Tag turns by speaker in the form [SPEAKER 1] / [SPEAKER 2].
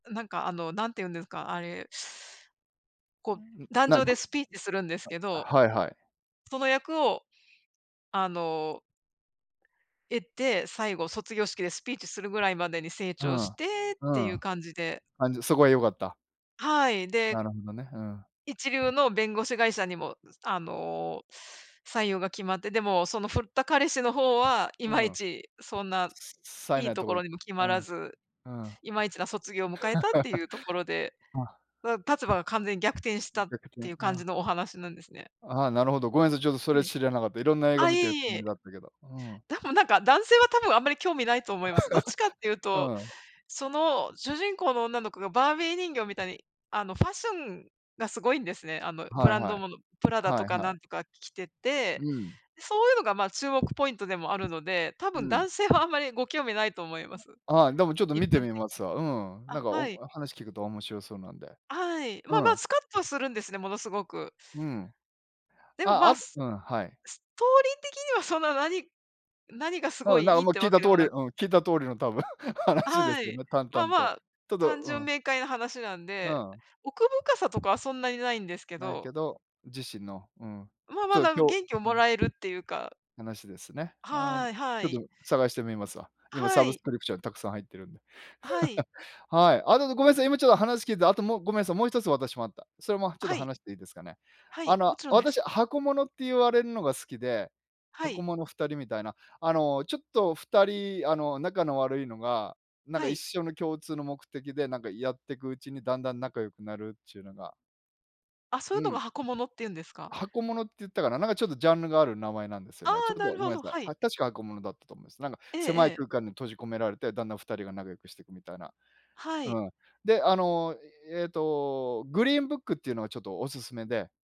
[SPEAKER 1] なんか、あの、何て言うんですか、あれこう、
[SPEAKER 2] んん、
[SPEAKER 1] 壇
[SPEAKER 2] な
[SPEAKER 1] 上
[SPEAKER 2] ん、
[SPEAKER 1] で
[SPEAKER 2] ぐ
[SPEAKER 1] スピーチするんですけ
[SPEAKER 2] [unintelligible] あ、
[SPEAKER 1] ど、
[SPEAKER 2] はいはい。
[SPEAKER 1] その役を、あの得て、最後卒業式でスピーチするぐらいまでに成
[SPEAKER 2] う
[SPEAKER 1] 長
[SPEAKER 2] ん。
[SPEAKER 1] してってい
[SPEAKER 2] う
[SPEAKER 1] う
[SPEAKER 2] ん。
[SPEAKER 1] 感じで。
[SPEAKER 2] あん、じゃ、そこは良かった。
[SPEAKER 1] はい、
[SPEAKER 2] な
[SPEAKER 1] で
[SPEAKER 2] るほどね、うん。
[SPEAKER 1] 一流の弁護士会社にも、ずあの、採用が決まって、でもその振った彼氏の方は、いま
[SPEAKER 2] う
[SPEAKER 1] い
[SPEAKER 2] ん。
[SPEAKER 1] ちそんな、
[SPEAKER 2] さえ
[SPEAKER 1] い
[SPEAKER 2] な
[SPEAKER 1] い
[SPEAKER 2] い
[SPEAKER 1] と
[SPEAKER 2] と
[SPEAKER 1] こ
[SPEAKER 2] こ、
[SPEAKER 1] ろ
[SPEAKER 2] い
[SPEAKER 1] にも決
[SPEAKER 2] う
[SPEAKER 1] ま
[SPEAKER 2] ん。う
[SPEAKER 1] ら
[SPEAKER 2] ん。
[SPEAKER 1] ず、
[SPEAKER 2] あ。
[SPEAKER 1] いまいちな卒業迎えたっていうところで、うわ立場が完全に逆転し
[SPEAKER 2] ん、
[SPEAKER 1] たっ
[SPEAKER 2] 逆転、
[SPEAKER 1] ていう感
[SPEAKER 2] あ
[SPEAKER 1] じ
[SPEAKER 2] あ。
[SPEAKER 1] のお話なんですね。
[SPEAKER 2] ああ、なるほど。ごめんなさい。ちょっとそ
[SPEAKER 1] は
[SPEAKER 2] れ
[SPEAKER 1] い。
[SPEAKER 2] 知らなかった。色んな映画
[SPEAKER 1] あ、い
[SPEAKER 2] 見て
[SPEAKER 1] え
[SPEAKER 2] るつ
[SPEAKER 1] い
[SPEAKER 2] もり
[SPEAKER 1] え。
[SPEAKER 2] だったけど。うん。
[SPEAKER 1] 多分なんか、男性は多分あんまり興味ないと思いま す。どっちかって言う
[SPEAKER 2] う
[SPEAKER 1] と、
[SPEAKER 2] ん。
[SPEAKER 1] その主人公の女の子がバービー人形みたいに、あのファッションがすごいんですね。あのブ
[SPEAKER 2] はい
[SPEAKER 1] ラン
[SPEAKER 2] は
[SPEAKER 1] ド
[SPEAKER 2] い。
[SPEAKER 1] もの、プラダと
[SPEAKER 2] はい
[SPEAKER 1] か
[SPEAKER 2] は
[SPEAKER 1] な
[SPEAKER 2] い。
[SPEAKER 1] んとか着て
[SPEAKER 2] う
[SPEAKER 1] て、
[SPEAKER 2] ん。
[SPEAKER 1] でそういうのがまあ注目ポイントでもあるので、多分
[SPEAKER 2] うん。
[SPEAKER 1] 男性はあんまりご興味ないと思います、
[SPEAKER 2] ああ、でもちょっと
[SPEAKER 1] 一
[SPEAKER 2] 見て
[SPEAKER 1] 般的に。
[SPEAKER 2] みますわ。うん。
[SPEAKER 1] あ、
[SPEAKER 2] なんか、お
[SPEAKER 1] は
[SPEAKER 2] ん
[SPEAKER 1] い。
[SPEAKER 2] あ、話聞くと面白そうなんで。
[SPEAKER 1] はい。ま
[SPEAKER 2] う
[SPEAKER 1] あまあ、
[SPEAKER 2] ん。
[SPEAKER 1] スカッとするんですね、ものすごく。
[SPEAKER 2] うん。
[SPEAKER 1] でも、
[SPEAKER 2] あ、
[SPEAKER 1] ま
[SPEAKER 2] あ
[SPEAKER 1] あ、
[SPEAKER 2] と
[SPEAKER 1] ス
[SPEAKER 2] うん、はい。
[SPEAKER 1] ストーリー的にはそんな何何がすご
[SPEAKER 2] うん、な、
[SPEAKER 1] い
[SPEAKER 2] あ
[SPEAKER 1] い
[SPEAKER 2] ん、
[SPEAKER 1] いっ
[SPEAKER 2] もう
[SPEAKER 1] て
[SPEAKER 2] 聞い
[SPEAKER 1] わ
[SPEAKER 2] た
[SPEAKER 1] けで
[SPEAKER 2] 通
[SPEAKER 1] も
[SPEAKER 2] りう
[SPEAKER 1] な
[SPEAKER 2] ん、聞いた通りの多分
[SPEAKER 1] あ、
[SPEAKER 2] 話です
[SPEAKER 1] は
[SPEAKER 2] よ
[SPEAKER 1] い。
[SPEAKER 2] ね、淡
[SPEAKER 1] まあ
[SPEAKER 2] 々
[SPEAKER 1] ま
[SPEAKER 2] と。
[SPEAKER 1] あ、
[SPEAKER 2] ちょっと
[SPEAKER 1] 単
[SPEAKER 2] う
[SPEAKER 1] 純
[SPEAKER 2] ん。
[SPEAKER 1] 明快な話なん
[SPEAKER 2] う
[SPEAKER 1] で、
[SPEAKER 2] ん。
[SPEAKER 1] 奥深さとかはそんなにないんですけ
[SPEAKER 2] ない
[SPEAKER 1] ど。
[SPEAKER 2] けど、自身の、うん。
[SPEAKER 1] まあ、
[SPEAKER 2] ち
[SPEAKER 1] ま
[SPEAKER 2] ょっ
[SPEAKER 1] だ、む
[SPEAKER 2] 今日
[SPEAKER 1] 元気をも
[SPEAKER 2] うん。
[SPEAKER 1] らえるっていうか。
[SPEAKER 2] 話ですね。あん、
[SPEAKER 1] はいは
[SPEAKER 2] ちょっと、
[SPEAKER 1] い。
[SPEAKER 2] 探してみますわ。
[SPEAKER 1] あ、
[SPEAKER 2] 今サ
[SPEAKER 1] は
[SPEAKER 2] ブス
[SPEAKER 1] い。
[SPEAKER 2] クリプション沢山入ってるんで。
[SPEAKER 1] はい。
[SPEAKER 2] はい。あと、うどごめんなさい、今ちょっと話聞いて、あともうごめんさい、もう一つ私もあった。それもちょ
[SPEAKER 1] あ、
[SPEAKER 2] っと
[SPEAKER 1] はい。
[SPEAKER 2] 話していいですかね。
[SPEAKER 1] は
[SPEAKER 2] あ
[SPEAKER 1] い、
[SPEAKER 2] の、
[SPEAKER 1] も
[SPEAKER 2] あ、
[SPEAKER 1] ちろんです。
[SPEAKER 2] 私、箱物って言われんのが好きで、
[SPEAKER 1] は
[SPEAKER 2] 箱
[SPEAKER 1] い。
[SPEAKER 2] 物2人みたいな。あの、ちょっと2人、あの仲の悪いのが、なんか
[SPEAKER 1] は
[SPEAKER 2] 一
[SPEAKER 1] い。
[SPEAKER 2] 緒の共通の目的でなんかやってくうちにだんだん仲良くなるっちゅうのが
[SPEAKER 1] あ、そう
[SPEAKER 2] う
[SPEAKER 1] いうのが
[SPEAKER 2] ん。
[SPEAKER 1] 箱物って言うんですか？
[SPEAKER 2] 箱物って言ったかな？なんかちょっとジャンルがある名前なんですよ
[SPEAKER 1] あ
[SPEAKER 2] ね。ちょ
[SPEAKER 1] あ、
[SPEAKER 2] っと
[SPEAKER 1] なる
[SPEAKER 2] ごめん
[SPEAKER 1] ほ
[SPEAKER 2] な
[SPEAKER 1] ど、
[SPEAKER 2] さい。
[SPEAKER 1] はい。
[SPEAKER 2] あ、確か箱物だったと思います。なんか
[SPEAKER 1] ええ
[SPEAKER 2] 狭い
[SPEAKER 1] ええ。
[SPEAKER 2] 空間に閉じ込められて、だんだん2人が仲良くしてくみたいな。
[SPEAKER 1] はい。
[SPEAKER 2] うん。で、あの、えっと、グリーンブックっていうのはちょっとお勧めで